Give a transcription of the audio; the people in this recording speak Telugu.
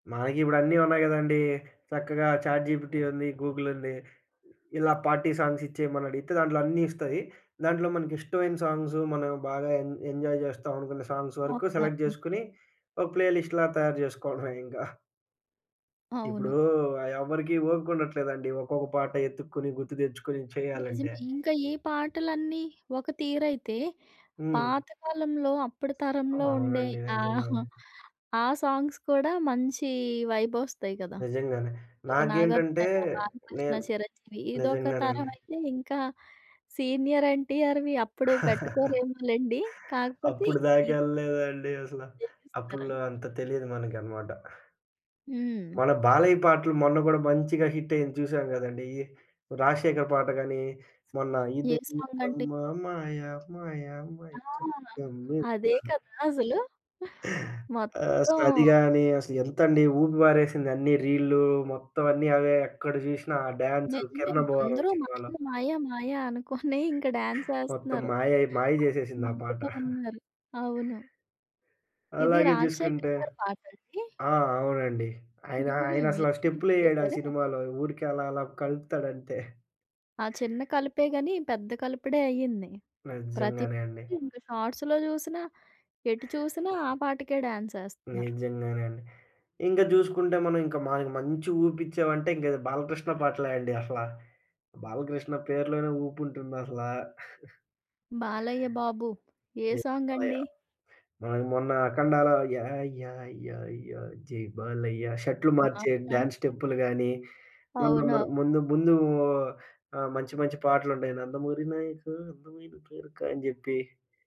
మనకిప్పుడు అన్నీ ఉన్నాయి కదండీ. చక్కగా ఛాట్ జీ‌పిటీ ఉంది. గూగుల్ ఉంది. ఇలా పార్టీ సాంగ్స్ ఇచ్చేయమనడిగితే దాంట్లో అన్నీ ఇస్తాయి. దాంట్లో మనకిష్టమైన సాంగ్స్ మనం బాగా ఎం ఎంజాయ్ జేస్తామనుకున్న సాంగ్స్ వరకు సెలెక్ట్ అవునవును. జేసుకొని, ఒక ప్లే లిస్ట్‌లా తయారు చేసుకోవడమే ఇంకా. ఇప్పుడు అవును. ఆ ఎవ్వరికీ ఓపికుండట్లేదండి. ఒక్కొక్క పాట యెతుక్కొని గుర్తు తెచ్చుకుని చేయాలంటే. నిజమే. ఇంకా ఈ పాటలన్నీ ఒక తీరైతే హ్మ్. పాతకాలంలో అప్పటి తరంలో ఉండే అవునండి. ఆహ్, నిజంగానే. ఆ సాంగ్స్ కూడా మంచి వైబొస్తాయి కదా! నిజంగానే. ఒక నాకేంటంటే నాగార్జునేమో, బాలకృష్ణ, నేన్ చిరంజీవి ఇదొక నిజంగానే తరం అండి. అయితే ఇంకా సీనియర్ ఎన్టీఆర్‌వి అప్పుడు పెట్టుకోరేమోలెండి. కాకపోతే అప్పుడు దాకా ఇద్ ఎళ్ళలేదండి అసల. దేవిస్తరా? అప్పట్లో అంత తెలీదు మనకనమాట. హ్మ్. మన 'బాలయ్య' పాటలు మొన్న గూడా మంచిగా హిట్ అయ్యింది చూసాం కదండీ. ఈ 'రాజశేఖర్' పాట గాని మొన్న ఏ సాంగండి? ఇదేమీటమ్మా మాయ మాయ మైకం ఆ! అదే క‌మ్మిందా. కదా! అసలు. ఆహ్, మొత్తం అసలది గాని అసలెంతండీ ఊపి పారేసింది. అన్నీ రీల్లు మొత్తం అన్నీ అవే ఎక్కడ చూసినా ఆ డాన్సు నిజమే. 'కిరణ్ అబ్బువరం' అందరూ మాయ సినిమాలో. మాయ మాయ అనుకోని ఇంకా మొత్తం డాన్సెస్తున్నారు. మాయై మాయ ఆ! జేసేసింది ఆ పాట. నవ్విక ఉన్నారు. అవును. ఇది అలాగే జూసుకుంటే 'రాజశేఖర్' గారి పాటండి? ఆ! అవునండి. ఆయన హుహు. ఆయనసలా రిమిక్స్ స్టెప్పు‌లెయ్యడు ఆ చేసారే? సినిమాలో ఊరికే అలా అలా కలుపుతాడంతే. ఆ చిన్న కలుపే గాని పెద్ద కలుపుడే అయ్యింది. ప్రతిది నిజ్జంగానే అండి. ఇంక షార్ట్స్‌లో చూసినా ఎటు చూసినా ఆ పాటకే డాన్సెస్తున్నారు. నిజంగానండి. ఇంకా జూసుకుంటే మనం ఇంకా మనకి మంచి ఊపిచ్చావంటే ఇంకది 'బాలకృష్ణ' పాటలే అండి. అసలా 'బాలకృష్ణ' పేరులోనే ఊపుంటుందసలా. 'బాలయ్య బాబు'. ఏ 'జై బాలయ్య' సాంగండి? ఆ! మొన్న 'ఆఖండా‌లో' యా యా యా యా జై బాలయ్య షర్ట్లు మార్చే ఆ! డాన్స్ స్టెప్పులు గాని, మొన్న మన అవును. ముందు ముందు ఆహ్, మంచి మంచి పాటలుంటాయి. నందమూరి నాయఖ అందమైన కోరిక అని జెప్పి